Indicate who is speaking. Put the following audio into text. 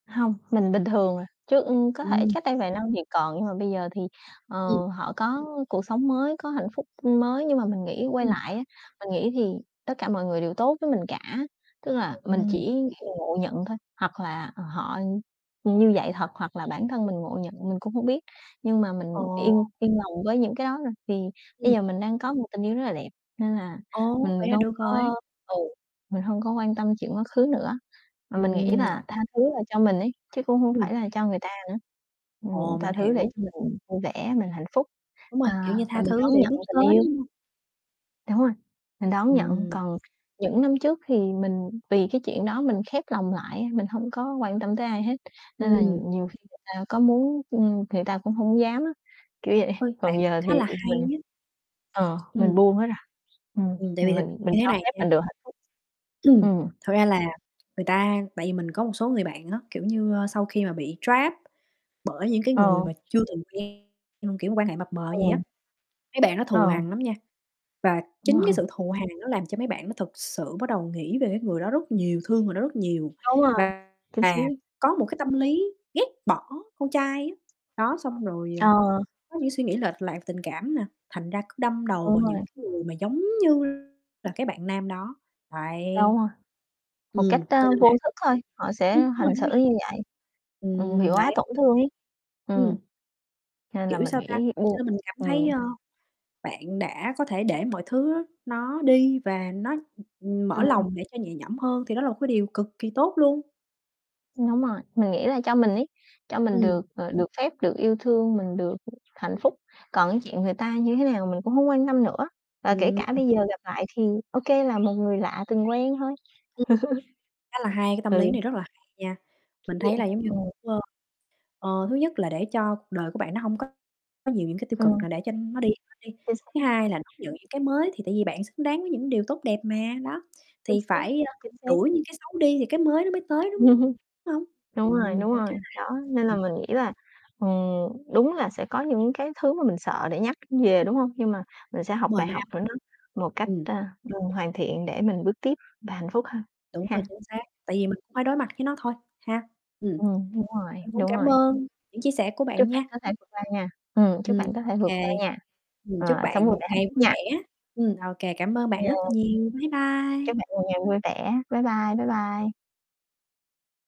Speaker 1: Hông, mình bình thường rồi, chứ, ưm, có thể
Speaker 2: Ừm.
Speaker 1: cách đây vài năm thì còn, nhưng mà bây giờ thì, ờ,
Speaker 2: Ừm.
Speaker 1: họ có cuộc sống mới, có hạnh phúc mới. Nhưng mà mình nghĩ quay
Speaker 2: [unintelligible]
Speaker 1: lại á, mình nghĩ thì tất cả mọi người đều tốt với mình cả, tức là mình
Speaker 2: Ừm.
Speaker 1: chỉ ngộ nhận thôi, hoặc là, ờ, họ như vậy thật, hoặc là bản thân mình ngộ nhận mình cũng hông biết, nhưng mà mình
Speaker 2: Ồ.
Speaker 1: yên yên lòng với những cái đó rồi. Vì bây
Speaker 2: Ừm.
Speaker 1: giờ mình đang có một tình yêu rất là đẹp, nên là
Speaker 2: Ồ,
Speaker 1: mình
Speaker 2: vậy là
Speaker 1: không
Speaker 2: được rồi.
Speaker 1: có ừ, mình hông có quan tâm chuyện quá khứ nữa, mà mình nghĩ
Speaker 2: Ừm,
Speaker 1: là
Speaker 2: [unintelligible]
Speaker 1: tha thứ là cho mình ấy, chứ cũng hông phải
Speaker 2: [unintelligible]
Speaker 1: là cho người ta nữa, ừm,
Speaker 2: Ồ,
Speaker 1: tha
Speaker 2: mình
Speaker 1: thứ để
Speaker 2: hiểu.
Speaker 1: cho mình vui vẻ, mình hạnh phúc,
Speaker 2: Đúng rồi, kiểu
Speaker 1: à,
Speaker 2: như
Speaker 1: và
Speaker 2: tha
Speaker 1: mình
Speaker 2: thứ
Speaker 1: đón
Speaker 2: để
Speaker 1: nhận
Speaker 2: bước
Speaker 1: tình
Speaker 2: tới,
Speaker 1: yêu.
Speaker 2: đúng hông?
Speaker 1: Đúng rồi, mình đón nhận.
Speaker 2: Ừm.
Speaker 1: Còn những năm trước thì mình vì cái chuyện đó mình khép lòng lại á, mình hông có quan tâm tới ai hết, nên là
Speaker 2: Ừm.
Speaker 1: nhiều khi người ta có muốn, ưm, người ta cũng hổng dám á, kiểu vậy.
Speaker 2: Ôi, bạn
Speaker 1: Còn
Speaker 2: cũng
Speaker 1: giờ thì
Speaker 2: khá là hay
Speaker 1: mình,
Speaker 2: nhá.
Speaker 1: ờ, mình
Speaker 2: Ừm.
Speaker 1: buông hết rồi, ừm,
Speaker 2: Ừm, tại vì
Speaker 1: mình
Speaker 2: thực
Speaker 1: mình mình
Speaker 2: như thế
Speaker 1: cho
Speaker 2: này
Speaker 1: phép
Speaker 2: nha
Speaker 1: mình được hạnh phúc. Ừm.
Speaker 2: Thật ra là người ta tại vì mình có một số người bạn á, kiểu như, ơ, sau khi mà bị trap bởi những cái người
Speaker 1: Ờ.
Speaker 2: mà chưa từng quen, ừm, kiểu mà quan hệ mập mờ vậy á,
Speaker 1: Ừm.
Speaker 2: mấy bạn nó thù
Speaker 1: Ờ.
Speaker 2: hằn lắm nha. Và chính cái
Speaker 1: Vâng.
Speaker 2: sự thù hằn nó làm cho mấy bạn đó thực sự bắt đầu nghĩ về cái người đó rất nhiều, thương người đó rất nhiều
Speaker 1: Đúng rồi,
Speaker 2: và
Speaker 1: chính
Speaker 2: và
Speaker 1: xác.
Speaker 2: có một cái tâm lý ghét bỏ con trai á, đó. Xong rồi, ờ,
Speaker 1: Ờ.
Speaker 2: có những suy nghĩ lệch lạc tình cảm nè, thành ra cứ đâm đầu
Speaker 1: Đúng
Speaker 2: vào những
Speaker 1: rồi.
Speaker 2: cái người mà giống như là cái bạn nam đó. Đấy,
Speaker 1: Đúng rồi, một cách,
Speaker 2: ừm, cho
Speaker 1: a,
Speaker 2: nên
Speaker 1: vô
Speaker 2: là
Speaker 1: thức thôi, họ sẽ
Speaker 2: ưm, đúng rồi,
Speaker 1: hành xử
Speaker 2: đúng rồi.
Speaker 1: như vậy, ừm, vì
Speaker 2: Ừm,
Speaker 1: quá
Speaker 2: đấy.
Speaker 1: tổn thương ấy,
Speaker 2: Ừm.
Speaker 1: ừm. Nên là
Speaker 2: Kiểu
Speaker 1: mình
Speaker 2: sao ta,
Speaker 1: nghĩ
Speaker 2: [unintelligible]
Speaker 1: buông
Speaker 2: nên mình cảm thấy,
Speaker 1: ừm.
Speaker 2: ơ, bạn đã có thể để mọi thứ nó đi và nó, ừm, mở
Speaker 1: Ừm.
Speaker 2: lòng để cho nhẹ nhõm hơn thì đó là một cái điều cực kỳ tốt luôn.
Speaker 1: Đúng rồi, mình nghĩ là cho mình ấy, cho mình
Speaker 2: Ừm.
Speaker 1: được, ờ, được phép, được yêu thương, mình được hạnh phúc, còn cái chuyện người ta như thế nào mình cũng hông quan tâm nữa, và kể
Speaker 2: Ừm.
Speaker 1: cả bây giờ gặp lại thì ô kê, là một người lạ từng quen thôi.
Speaker 2: [unintelligible] Khá là hay, cái tâm
Speaker 1: Ừ.
Speaker 2: lý này rất là hay nha,
Speaker 1: Kiểu
Speaker 2: mình
Speaker 1: vậy,
Speaker 2: thấy là giống như
Speaker 1: ừm.
Speaker 2: kiểu, ơ, ờ, thứ nhất là để cho cuộc đời của bạn nó hông có nhiều những cái tiêu cực
Speaker 1: Ừm.
Speaker 2: là để cho nó đi bớt đi,
Speaker 1: Chính
Speaker 2: thứ
Speaker 1: xác.
Speaker 2: hai là đón nhận những cái mới thì tại vì bạn xứng đáng với những điều tốt đẹp mà, đó,
Speaker 1: Chính
Speaker 2: thì
Speaker 1: xác,
Speaker 2: phải, a,
Speaker 1: chính xác.
Speaker 2: đuổi những cái xấu đi thì cái mới nó mới tới, đúng hông?
Speaker 1: Đúng rồi,
Speaker 2: Ừm,
Speaker 1: đúng
Speaker 2: cũng khá
Speaker 1: rồi,
Speaker 2: là
Speaker 1: đó, nên
Speaker 2: h
Speaker 1: là
Speaker 2: [unintelligible]
Speaker 1: mình nghĩ là, ừm, đúng là sẽ có những cái thứ mà mình sợ để nhắc về,
Speaker 2: [unintelligible]
Speaker 1: đúng hông? Nhưng mà mình sẽ học
Speaker 2: Đúng rồi,
Speaker 1: bài
Speaker 2: nó
Speaker 1: học
Speaker 2: ám ảnh.
Speaker 1: [unintelligible] một cách,
Speaker 2: Ừm.
Speaker 1: ơ, ừm, hoàn thiện để mình bước tiếp và hạnh phúc hơn,
Speaker 2: Đúng rồi,
Speaker 1: ha.
Speaker 2: chính xác, tại vì mình phải đối mặt với nó thôi ha, ừm.
Speaker 1: Ừm, đúng rồi,
Speaker 2: Mình cũng
Speaker 1: đúng
Speaker 2: cảm
Speaker 1: rồi.
Speaker 2: ơn những chia sẻ của bạn
Speaker 1: Chúc bạn
Speaker 2: nha.
Speaker 1: có thể vượt qua nha, ừm, chúc
Speaker 2: Ừm,
Speaker 1: bạn có
Speaker 2: ô
Speaker 1: thể vượt qua
Speaker 2: kê,
Speaker 1: nha,
Speaker 2: ừm, chúc
Speaker 1: ờ, sống
Speaker 2: bạn
Speaker 1: vui
Speaker 2: một
Speaker 1: vẻ hạnh
Speaker 2: ngày
Speaker 1: phúc
Speaker 2: vui
Speaker 1: nha.
Speaker 2: vẻ. Ừm, ô kê cảm ơn bạn rất
Speaker 1: Yeah.
Speaker 2: nhiều, bye
Speaker 1: Chúc
Speaker 2: bye.
Speaker 1: bạn một ngày vui vẻ. Bye bye, bye bye.